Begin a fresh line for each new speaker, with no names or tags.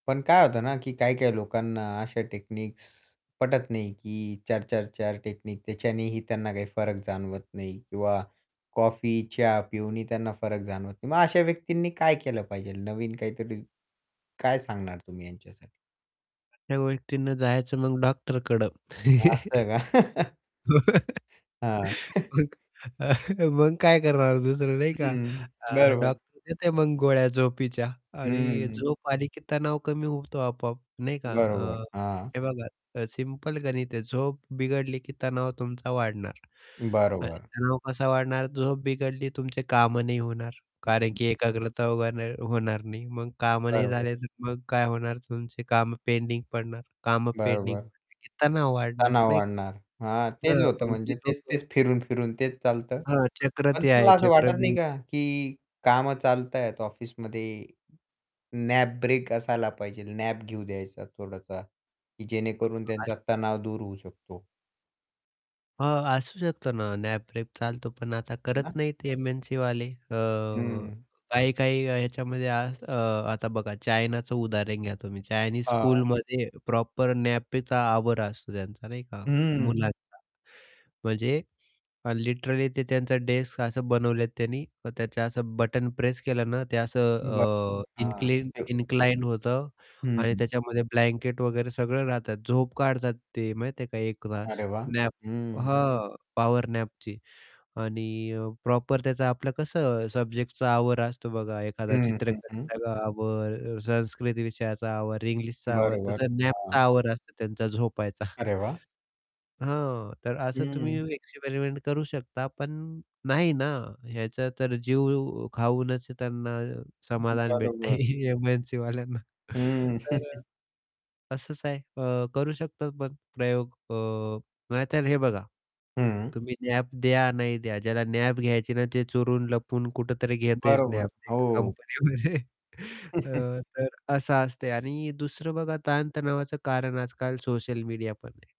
पण काय होतं ना की काही-काही लोकांना अशा टेक्निक्स पटत नाही, की 4-4-4 टेक्नीक, त्याच्यानेही त्यांना काही फरक जाणवत नाही किंवा कॉफी, चहा पिऊनही त्यांना फरक जाणवत नाही. मग अशा व्यक्तींनी काय केलं पाहिजे नवीन काहीतरी काय सांगणार तुम्ही यांच्यासाठी?
त्या व्यक्तीनं जायचं मग डॉक्टरकडं.
असं का? हां.
मग अ, मग काय करणार दुसरं नाही का,
हं,
अ,
बरोबर.
डॉक्टर देते मग गोळ्या झोपीच्या आणि
हं.
झोप आली की तणाव कमी होतो आपोआप, नाही का?
बरोबर,
अ,
हां.
हे बघा अ, सिंपल गणित आहे, झोप बिघडली की तणाव तुमचा वाढणार आणि
बरोबर.
तणाव कसा वाढणार? झोप बिघडली, तुमचे कामं नाही होणार कारण की एकाग्रता व्हना होणार नाही, मग कामं नाही
बरोबर.
झाले तर मग काय होणार तुमचे कामं पेंडिंग पडणार, कामं पेंडिंग
बरोबर.
पडले की तणाव वाढणार
तणाव
नाही का.
वाढणार. हां, तेच
[unintelligible]
होतं
तुमची
म्हणजे
झोप अ,
तेच-तेच फिरून-फिरून तेच चालतं
हां, चक्र
पण
ते आहे
तुम्हाला असं वाटत नाही
चक्रव्यूह.
का, की कामं चालत आहेत ऑफिसमध्ये नॅप ब्रेक असायला पाहिजे नॅप घेऊ द्यायचा थोडासा, की जेणेकरून
हां, [unintelligible]
त्यांचा तणाव दूर होऊ शकतो.
हां, असू शकतं ना, नॅप ब्रेक चालतो पण आता
ना.
करत नाही ते एमएनसीवाले. अ,
हं.
काही-काही याच्यामध्ये असं अ, आता बघा चायनाचं उदाहरण घ्या तुम्ही, चायनीज
हां.
स्कूलमध्ये प्रॉपर नॅपचा आवर असतो त्यांचा नाही का,
हं.
मुलांचा. म्हणजे अन् लिटरली ते त्यांचं डेस्क असं बनवलेत त्यांनी, त्याचं असं बटण प्रेस केलं ना ते असं
बरं,
अ,
हां.
इन्क्लिन
[unintelligible]
इन्क्लाइंड होतं आणि
हं.
त्याच्यामध्ये ब्लँकेट वगैरे सगळं राहतात, झोप काढतात ते माहीत आहे का 1 तास.
अरे वाह!
नॅप
हं.
हं, पॉवर नॅपची आणि अ, प्रॉपर त्याचं आपलं कसं सब्जेक्टचा आवर असतो बघा एखादा
हं, हं. हं, हं.
चित्रकलेचा आवर अ, संस्कृत विषयाचा आवर, इंग्लिशचा आवर
बरोबर,
तसं नॅपचा
हां.
आवर असतो त्यांचा झोपायचा.
अरे वाह!
हां, तर असं तुम्ही
हं.
एक्सपेरिमेंट करू शकता पण नाही ना, याचा तर जीव अ, खाऊनच त्यांना
हं,
समाधान भेटते
बरोबर.
एमएनसीवाल्यांना
हं.
तर, तसंच आहे. अ, करू शकतात पण प्रयोग अ, नाही तर हे बघा,
हं.
तुम्ही नॅप द्या नाही द्या, ज्याला नॅप घ्यायची ना ते चोरून लपून कुठेतरी घेतयचं
बरोबर,
नॅप ते
हो.
कंपनीमध्ये. अ, तर असा असते आणि दुसरं बघा ताणतणावाचं कारण आजकाल सोशल मीडिया पण आहे.